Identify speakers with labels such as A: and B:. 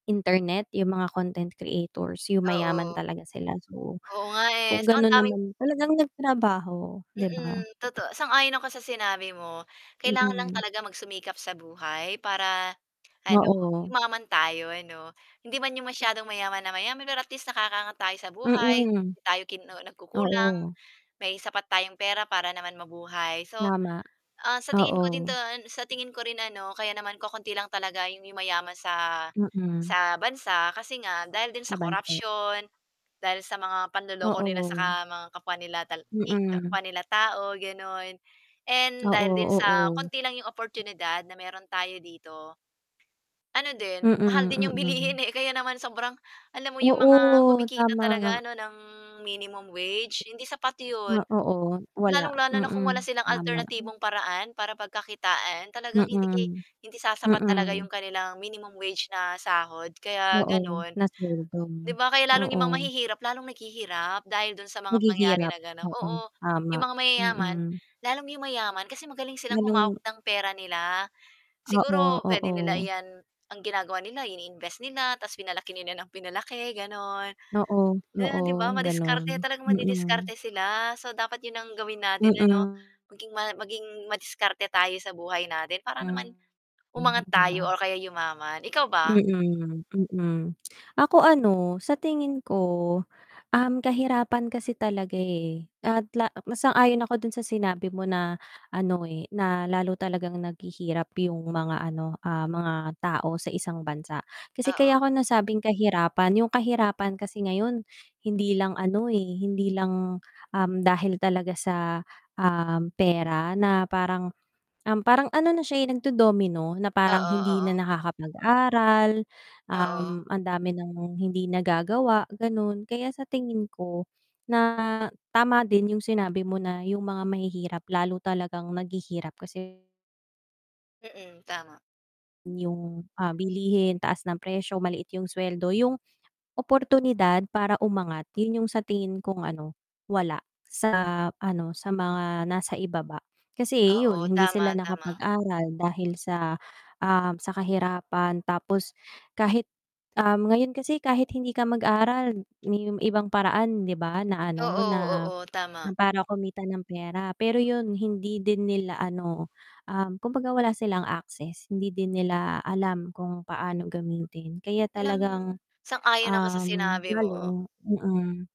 A: Internet yung mga content creators, yung mayaman
B: Oo.
A: talaga sila so,
B: Oo nga eh.
A: kung
B: So, ang
A: gano'n
B: daming
A: naman talagang nagtrabaho, 'di ba?
B: Mm, totoo sang-ayon ako sa sinabi mo, kailangan lang
A: Mm.
B: talaga magsumikap sa buhay para ano
A: Oo.
B: yumaman tayo ano. Hindi 'man yung masyadong mayaman na mayaman, pero at least nakakaangat tayo sa buhay,
A: Mm.
B: hindi tayo kinu nagkukulang,
A: Oo.
B: may sapat tayong pera para naman mabuhay. So,
A: Tama,
B: ah, sa tingin ko
A: oo.
B: doon, sa tingin ko rin ano kaya naman kaunti lang talaga 'yong yumayaman sa
A: Mm.
B: sa bansa kasi nga dahil din sa
A: Sa bansa.
B: corruption, dahil sa mga panloloko nila sa ka
A: Oo.
B: mga kapwa nila kapwa nila tal i
A: Mm.
B: kapwa tao gano'n, and dahil din
A: Oo,
B: sa
A: oo.
B: konti lang 'yong oportunidad na meron tayo dito. Ano din, mahal
A: Mm,
B: din yung bilihin
A: mm.
B: eh kaya naman sobrang alam mo yung mga
A: Oo,
B: kumikita talaga
A: tama.
B: ano ng minimum wage, hindi sapat yun.
A: Ah, oo, wala,
B: Lalong-lalo na kung
A: mm,
B: wala silang
A: tama.
B: alternatibong paraan para pagkakitaan talagang hindi ke
A: Mm.
B: hindi sasapat talaga
A: Mm.
B: yung kanilang minimum wage na sahod, kaya
A: Oo,
B: ganun.
A: na sweldo.
B: 'Di ba kaya lalong 'yong mga
A: Oo.
B: mahihirap lalong naghihirap dahil do'n sa mga pangyayari
A: Naghihirap,
B: na ganon
A: oo
B: oo,
A: tama,
B: 'yong mga mayayaman,
A: mm.
B: lalong 'yong mayaman kasi magaling silang humawak
A: Anong
B: ng pera nila.
A: Oo,
B: Siguro puwede
A: oo.
B: nila iyan, ang ginagawa nila ini-invest nila, tapos pinalaki nila nang pinalaki, gano'n.
A: Oo,
B: Yun 'di ba
A: oo ganun,
B: madiskarte, talagang
A: mm.
B: madidiskarte sila, so dapat yun ang gawin natin ano,
A: Mm.
B: maging ma maging madiskarte tayo sa buhay natin para naman,
A: Hmm. Hmm,
B: umangat
A: 'di ba?
B: tayo o kaya yumaman. Ikaw ba?
A: Mm, mm. Ako ano sa tingin ko, uhm, kahirapan kasi talaga eh, at la mas ayon ako dun sa sinabi mo na ano eh, na lalo talagang naghihirap yung mga ano, ah, mga tao sa isang bansa. Kasi kaya
B: Oo.
A: ko nasabing kahirapan, yung kahirapan kasi ngayon hindi lang ano eh, hindi lang, dahil talaga sa, uhm, pera na parang, um, parang ano na siya eh nagdo-domino na parang
B: Oo,
A: hindi
B: oo.
A: na nakakapag-aral,
B: Oo.
A: um, ang dami ng hindi nagagawa gano'n. Kaya sa tingin ko na tama din yung sinabi mo na yung mga mahihirap lalo talagang naghihirap kasi
B: Mm, tama.
A: yung, ah, bilihin, taas ng presyo, maliit yung sweldo, yung oportunidad para umangat yun yung sa tingin kong ano wala sa ano sa mga nasa ibaba. Kasi yun
B: Oo,
A: hindi
B: tama,
A: sila
B: tama.
A: nakapag-aral dahil sa, ah, sa kahirapan tapos, kahit, uhm, ngayon kasi kahit hindi ka mag-aral, yung ibang paraan 'di ba na ano
B: Oo,
A: na,
B: oo,
A: na
B: tama.
A: para kumita ng pera pero yun hindi din nila ano, um, kumbaga wala silang access, hindi din nila alam kung paano gamitin kaya
B: Alam mo,
A: talagang,
B: sang-ayon ako sa
A: uhm,
B: sinabi mo.
A: lalo mm.